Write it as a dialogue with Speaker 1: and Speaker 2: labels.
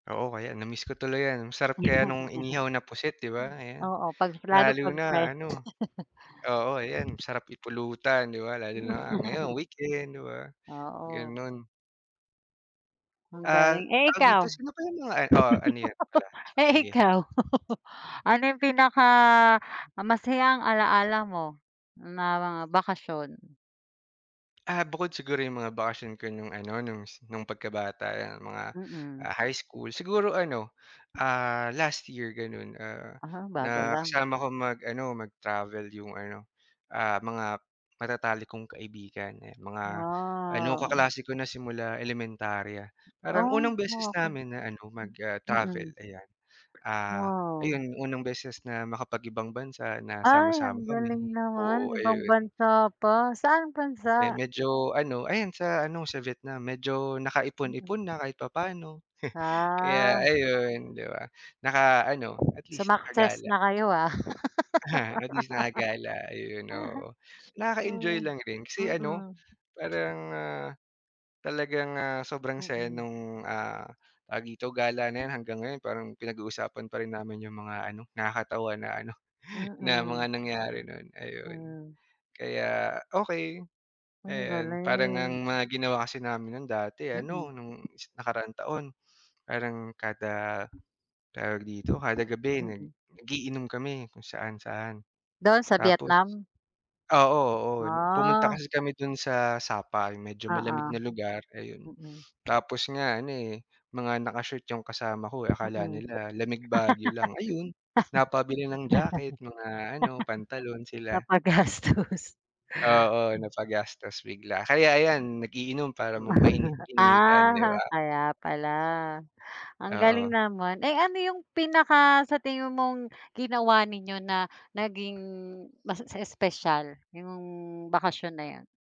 Speaker 1: Oo, kaya na-miss ko tuloy yan. Masarap kaya nung inihaw na pusit, di ba, ayan.
Speaker 2: Oo, 'pag lalo
Speaker 1: Lalo
Speaker 2: 'pag
Speaker 1: na
Speaker 2: fresh.
Speaker 1: ano, oo, ayan, sarap ipulutan, di ba, lalo na ngayon weekend, di ba?
Speaker 2: Oo.
Speaker 1: Ganun.
Speaker 2: Ang
Speaker 1: Ah,
Speaker 2: galing, eh
Speaker 1: tawag dito
Speaker 2: ikaw?
Speaker 1: sino pa yung mga Oh ano yun pala,
Speaker 2: Eh
Speaker 1: sige.
Speaker 2: ikaw, ano yung pinakamasayang alaala mo na mga bakasyon?
Speaker 1: Ah, bukod siguro yung mga bakasyon ko nung ano, nung nung pagkabata, yan, mga
Speaker 2: Mm.
Speaker 1: high school, siguro ano, ah, last year gano'n, ah,
Speaker 2: Ah, bago lang.
Speaker 1: nakasama ko mag-ano, mag-travel yung ano, ah, mga matatalik kong kaibigan, ayan, mga ano,
Speaker 2: Wow.
Speaker 1: kaklase ko na simula elementarya. Parang unang
Speaker 2: Oh,
Speaker 1: beses
Speaker 2: ah, okey.
Speaker 1: namin na ano, na mag-travel,
Speaker 2: Mm.
Speaker 1: ayan, ah,
Speaker 2: Wow.
Speaker 1: ayun, unang beses na makapag-ibang bansa na
Speaker 2: Ay,
Speaker 1: sama-sama
Speaker 2: ang
Speaker 1: kami.
Speaker 2: galing naman.
Speaker 1: Oo,
Speaker 2: Ibang
Speaker 1: ayun.
Speaker 2: bansa pa. Saang
Speaker 1: Eh,
Speaker 2: bansa?
Speaker 1: medyo ano, ayan, sa ano, sa Vietnam. Medyo
Speaker 2: Mm.
Speaker 1: nakaipon-ipon na kahit papaano. Kaya,
Speaker 2: Ah.
Speaker 1: ayun, di ba, na ano, at least
Speaker 2: Sumakses
Speaker 1: nakagala.
Speaker 2: na kayo ah.
Speaker 1: Aha, at least nakagala. Ayun, oo. Nakaka-enjoy lang rin kasi ano,
Speaker 2: Mm.
Speaker 1: parang, ah, talagang, ah, sobrang saya
Speaker 2: Mm.
Speaker 1: nung, ah, tawag dito, gala na yan hanggang ngayon parang pinag-uusapan pa rin namin yung mga ano, nakakatawa na ano, na mga
Speaker 2: Mm.
Speaker 1: nangyari noon, ayun.
Speaker 2: Hmm.
Speaker 1: Kaya okey,
Speaker 2: Ang
Speaker 1: ayon, parang
Speaker 2: galing.
Speaker 1: ang mga ginawa kasi namin no'n dati,
Speaker 2: Mm.
Speaker 1: ano, nung nakaraang taon parang kada, tawag dito, kada gabi nag
Speaker 2: Mm.
Speaker 1: nag-iinom kami kung saan-saan.
Speaker 2: Doon sa
Speaker 1: Tapos,
Speaker 2: Vietnam?
Speaker 1: oo, oo, pumunta
Speaker 2: Ah.
Speaker 1: kasi kami dun sa Sapal, medyo malamig
Speaker 2: Oo,
Speaker 1: na lugar, ayun.
Speaker 2: Mm.
Speaker 1: Tapos nga ano eh, mga naka-short yung kasama ko, akala
Speaker 2: Mm.
Speaker 1: nila lamig Baguio lang, ayun, napabili ng jacket, mga ano, pantalon sila.
Speaker 2: Napagastos. Mm.
Speaker 1: Oo, napagastos bigla. Kaya, ayan, nag-iinom para mainit-initan, di
Speaker 2: Ah,
Speaker 1: ba?
Speaker 2: kaya pala. Ang galing
Speaker 1: Oo.
Speaker 2: naman. Eh, ano yung pinaka sa tingin mong ginawa ninyo na naging mas espesyal yung bakasyon na 'yon?